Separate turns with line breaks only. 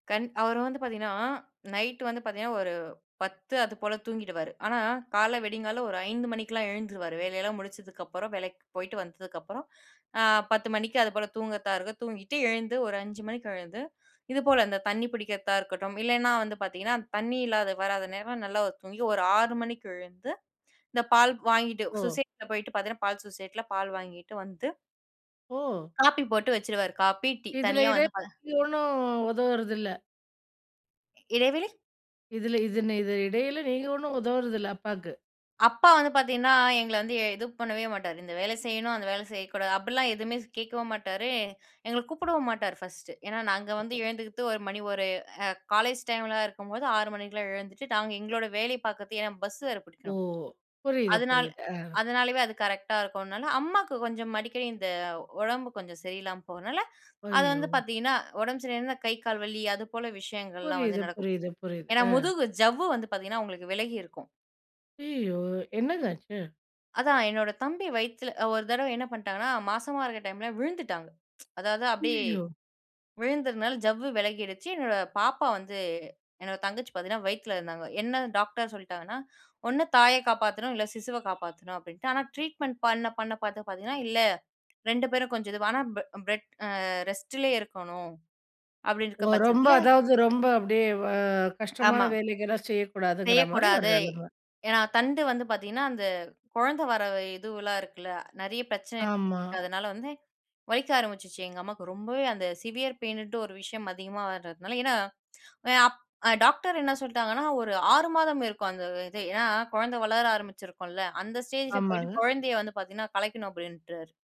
கண் அவரு வந்து பாத்தீங்கன்னா, நைட்டு வந்து பாத்தீங்கன்னா ஒரு 10:00 அதுப்போல தூங்கிடுவாரு. ஆனா, காலைல விடியங்காலைல ஒரு 05:00 மணிக்கெல்லாம் எழுந்துருவாரு. வேலையெல்லாம் முடிச்சதுக்கு அப்புறம், வேலைக்கு போய்ட்டு வந்ததுக்கு அப்புறம், அ 10:00 மணிக்கு அது போல தூங்குறதா இருக்கும், தூங்கிட்டு எழுந்து ஒரு 05:00 மணிக்கு எழுந்து இதுபோல அந்த தண்ணி பிடிக்கிறதா இருக்கட்டும், இல்லனா, வந்து பாத்தீங்கன்னா தண்ணி இல்லாத வராத நேரம் நல்லா தூங்கி ஒரு 6:00 மணிக்கு எழுந்து, இந்த பால் வாங்கிட்டு,
ஓ!
சொசைட்டில போயிட்டு பாத்தீங்கன்னா, பால் சொசைட்டியில பால் வாங்கிட்டு வந்து
ஓ!
காப்பி போட்டு வச்சுருவாரு. Copy, tea.
இதில
தனியா வந்து பால
இடையில ஒண்ணும் உதவுறதில்ல,
இடைவெளை?
இதுல இதுன இடையில நீங்க ஒண்ணும் உதவுறதில்ல, அப்பாக்கு?
அப்பா வந்து பாத்தீங்கன்னா, எங்கள வந்து எ இது பண்ணவே மாட்டாரு, இந்த வேல செய்யணும். அந்த வேல செய்யக்கூடாது. அப்படிலாம் எதுவுமே கேக்கவும் மாட்டாரு, எங்கள கூப்டவும் மாட்டாரு, ஃபர்ஸ்ட்டு. ஏன்னா, நாங்க வந்து எழுந்துக்கிறது ஒரு மணி ஒரு காலேஜ் டைம்ல இருக்கும்போது 6:00 மணிக்கெல்லாம் எழுந்துட்டு, நாங்க எங்களோட வேலைய பாக்குறதுக்கு. ஏன்னா, பஸ் வேற
ஓ!
புடிக்கணும்.
புரியுது,
அதனால
புரியுது அ.
அதனாலவே அது கரெக்டா இருக்கும்னால அம்மாக்கு கொஞ்சம் அடிக்கடி இந்த உடம்பு கொஞ்சம் சரியில்லாம போகறதனால, அது
ஐயோ!
வந்து பாத்தீங்னா, உடம்பு சரியிலனா, கை, கால் வலி அது போல விஷயங்கள்லாம் வந்து
புரியுது,
நடக்கும்.
புரியுது, புரியுது,
ஏன்னா,
அ.
முதுகு ஜவ்வு வந்து பாத்தீங்கன்னா அவுங்களுக்கு விலகி இருக்கும்.
ஐயயோ! என்னங்க ஆச்சு?
அதான் என்னோட தம்பி வயித்துல, ஒரு தடவ என்ன பண்ணிட்டாங்கனா, மாசமா இருக்கிற டைம்ல விழுந்துட்டாங்க. அதாவது, அப்படியே
அய்யய்யோ!
விழுந்ததுனால ஜவ்வு விலகிடுச்சு. என்னோட பாப்பா வந்து, என்னோட தங்கச்சி பாத்தீங்கன்னா வயித்துல இருந்தாங்க. என்ன டாக்டர் சொல்லிட்டாங்கன்னா, ஒண்ணு தாய காப்பாத்தணும். இல்ல, சிசுவை காப்பாத்தணும். அப்பிடின்ட்டு ஆனா, ட்ரீட்மெண்ட் பண்ண, பண்ண பாத்து பாத்தீங்கன்னா, இல்ல, 2 பேரும் கொஞ்சம் இதுவா, ஆனா அம் பெ பெட் அ ரெஸ்ட்டிலயே இருக்கணும்.
ஓ,
அப்பிடீன்டுருக்கிற
ரொம்ப
பட்சத்தில
அதாவது ரொம்ப அப்பிடியே, அ கஷ்டமான
ஆமா.
வேலைகலாம் செய்யக்கூடாதுங்கிற மாதிரி ஒரு
செய்யக்கூடாது.
நெலம.
ஏன்னா, தண்டு வந்து பாத்தீங்கன்னா, அந்த குழந்த வர இதுவெலாம் இருக்குல. நிறைய பிரச்சனை
ஆமா.
இருக்கு. அதனால வந்து வலிக்க ஆரம்பிச்சுச்சு, எங்க அம்மாக்கு. ரொம்பவே அந்த சிவ்வியர் பெயினுன்ட்டு ஒரு விஷயம் அதிகமா வரதுனால ஏன்னா, அப் டாக்டர் என்ன சொல்லிட்டாங்கன்னா, ஒரு 6 மாதம் இருக்கும், அந்த இது. ஏன்னா, குழந்த வளர ஆரம்பிச்சிருக்கும்ல. அந்த ஸ்டேஜில போயிட்டு
ஆமாங்க.
குழந்தைய வந்து பாத்தீங்கன்னா கலைக்கணும், அப்பிடீன்றாரு.